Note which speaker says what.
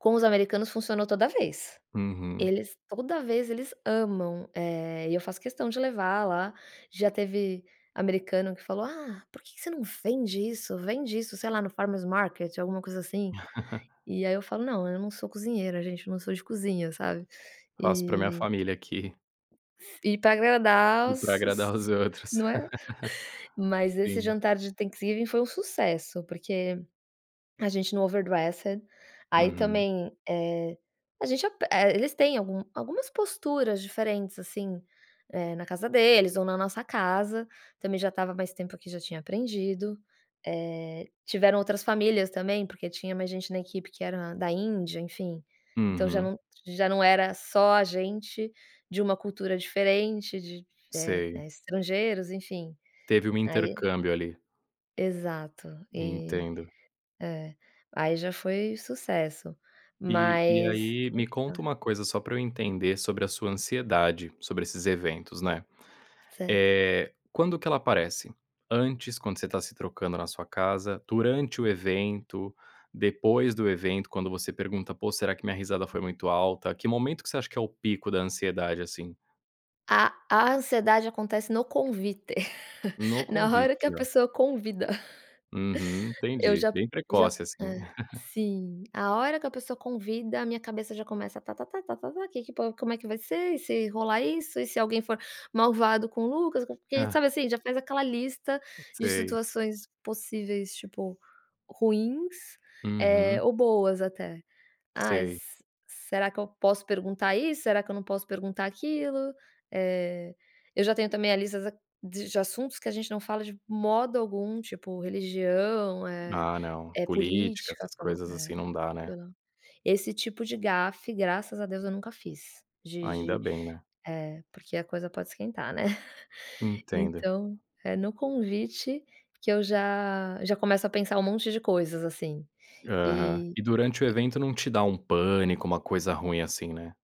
Speaker 1: Com os americanos funcionou toda vez.
Speaker 2: Uhum.
Speaker 1: Eles toda vez, eles amam. Eh, e eu faço questão de levar lá. Já teve americano que falou: “Ah, por que que você não vende isso? Vende isso, sei lá, no Farmers Market", alguma coisa assim. E aí eu falo: “Não. Eu não sou cozinheira, gente. Não sou de cozinha, sabe?”.
Speaker 2: Faço pra minha
Speaker 1: E
Speaker 2: família aqui.
Speaker 1: E pra agradar
Speaker 2: E pra
Speaker 1: os os
Speaker 2: agradar os
Speaker 1: os
Speaker 2: outros.
Speaker 1: não é? Mas esse
Speaker 2: Sim.
Speaker 1: jantar de Thanksgiving foi um sucesso. Porque a gente no overdressed aí
Speaker 2: Uhum.
Speaker 1: também, eh a gente ape Eh, eles têm algum algumas posturas diferentes, assim, eh, na casa deles ou na nossa casa. Também já estava mais tempo aqui, já tinha aprendido. Eh, tiveram outras famílias também, porque tinha mais gente na equipe que era da Índia, enfim. Então já
Speaker 2: Uhum.
Speaker 1: não já não era só a gente de uma cultura diferente, de, eh
Speaker 2: Sei.
Speaker 1: eh, estrangeiros, enfim.
Speaker 2: Teve um
Speaker 1: Aí
Speaker 2: intercâmbio ali.
Speaker 1: Exato, e
Speaker 2: Entendo.
Speaker 1: é. Aí, já foi sucesso,
Speaker 2: E e
Speaker 1: mas
Speaker 2: aí me conta uma
Speaker 1: [unintelligible]
Speaker 2: coisa, só pra eu entender sobre a sua ansiedade, sobre esses eventos, né.
Speaker 1: Certo.
Speaker 2: Eh, quando que ela aparece? Antes, quando você tá se trocando na sua casa? Durante o evento? Depois do evento, quando você pergunta: “Pô, será que minha risada foi muito alta?”. Que momento que você acha que é o pico da ansiedade, assim?
Speaker 1: A a ansiedade acontece no convite.
Speaker 2: No
Speaker 1: Na
Speaker 2: convite
Speaker 1: hora que a
Speaker 2: já.
Speaker 1: pessoa convida.
Speaker 2: Uhum,
Speaker 1: Eu
Speaker 2: entendi.
Speaker 1: já
Speaker 2: Bem
Speaker 1: já
Speaker 2: precoce
Speaker 1: Hã.
Speaker 2: assim.
Speaker 1: Sim. A hora que a pessoa convida, a minha cabeça já começa: “Ta-ta-ta, ta-ta-ta. Que que po como é que vai ser? E se rolar isso? E se alguém for malvado com o Lucas, co”. E,
Speaker 2: Hã.
Speaker 1: sabe, assim? Já fez aquela lista de
Speaker 2: Sei.
Speaker 1: situações possíveis, tipo ruins, eh,
Speaker 2: Uhum.
Speaker 1: ou boas até. “Ai,
Speaker 2: Sei.
Speaker 1: se será que eu posso perguntar isso? Será que eu não posso perguntar aquilo?”. Eh, eu já tenho também a lista da de assuntos que a gente não fala de modo algum. Tipo, religião, eh
Speaker 2: Ah, não.
Speaker 1: eh,
Speaker 2: Política,
Speaker 1: política.
Speaker 2: essas
Speaker 1: Pelo,
Speaker 2: coisas assim
Speaker 1: eh,
Speaker 2: não dá, né.
Speaker 1: pelo esse tipo de gafe, graças a Deus, eu nunca fiz. De
Speaker 2: Ainda
Speaker 1: de
Speaker 2: bem, né.
Speaker 1: eh, porque a coisa pode esquentar, né?
Speaker 2: Entendo.
Speaker 1: Então é no convite que eu já já começo a pensar um monte de coisas, assim.
Speaker 2: Aham.
Speaker 1: E
Speaker 2: E durante o
Speaker 1: e
Speaker 2: evento não te dá um pânico, uma coisa ruim assim, né?